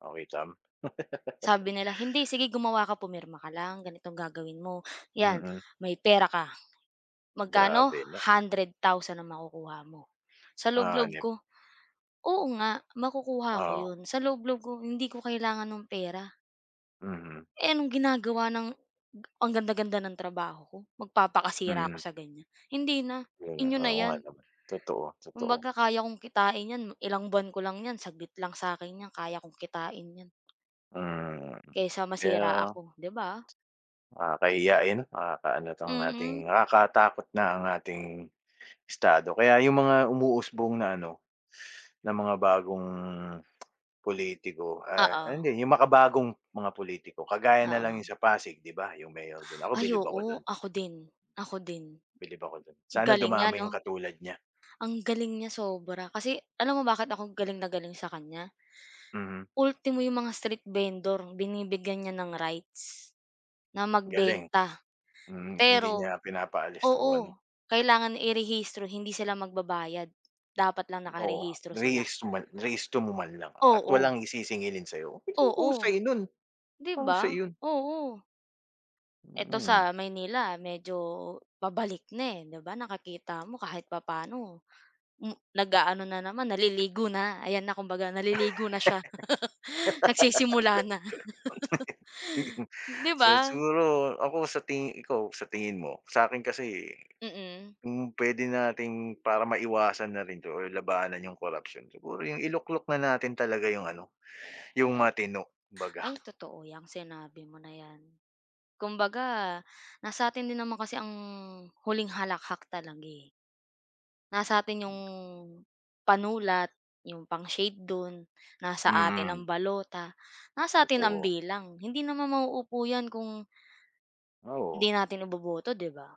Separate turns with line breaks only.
Oh, kitam?
Sabi nila, "Hindi sige gumawa, ka pumirma ka lang ganitong gagawin mo. 'Yan,
Mm.
may pera ka, magkano?
Grabe na.
100,000 ang makukuha mo." Sa loob-loob
Hanep.
ko, "Oo nga makukuha ko
Oo.
'yon" sa loob-loob ko, "Hindi ko kailangan ng pera."
Mm.
Eh, anong ginagawa ng, ang ganda-ganda ng trabaho ko magpapakasira ako
Mm.
sa ganyan? Hindi na,
'Yun,
inyo na
oo nga
yan.
'no. Totoo, totoo.
Kumbaga kaya kong kitain 'yan ilang buwan ko lang 'yan saglit lang sa'kin 'yan kaya kong kitain 'yan.
Mm,
Kaysa masira
kaya
ako, 'di ba?
Nakakahiya, eh, 'no. Nakakaano 'tong ating
Mm.
nakakatakot na ang ating estado kaya yung mga umuusbong na ano, na mga bagong politiko ah,
Oo.
hindi yung makabagong mga politiko, kagaya na lang yung
Oo.
sa Pasig, 'di ba? Yung mayor do'n, ako
Ay,
bilib ako
oo.
do'n.
Ako din, ako din.
Bilib ako do'n. Sana
Galing niya
dumami yung
'no?
katulad niya.
Ang galing niya sobra kasi, alam mo bakit ako galing na galing sa kanya?
Mm.
Ultimo yung mga street vendor binibigyan niya ng rights, na
Galing.
magbenta.
Mm, hindi
Pero,
niya pinapaalis o
oo,
ano.
kailangan i-rehistro hindi sila magbabayad, dapat lang
Oo.
nakarehistro sila.
Rehis man rehistro mo man lang at
Oo.
walang i sisingilin sa'yo. [unintelligible]
Oo.
Husay no'n,
'Di
mahusay
ba?
'yun.
Oo. Eto
Mm.
sa Maynila medyo pabalik na, eh, 'di ba, nakikita mo kahit papa'no, m nag-aano na naman naliligo na ayan na kumbaga naliligo na siya. Nagsisimula na. 'Di
So
ba?
siguro ako sa tingi ikaw, sa tingin mo? Sa'kin kasi,
Mm.
kung puwede nating para maiwasan na rin 'to or labanan yung corruption, siguro yung iluklok na natin talaga yung ano, yung matino kumbaga.
Ay totoo 'yang sinabi mo na 'yan. Kumbaga nasa 'tin din naman kasi ang huling halakhak talaga, eh. Nasa 'tin yung panulat, yung pang-shade do'n, nasa atin ang
Mm.
balota, nasa atin ang
Totoo.
bilang. Hindi naman mauupo 'yan kung
Ah, oo.
hindi natin iboboto, 'di ba?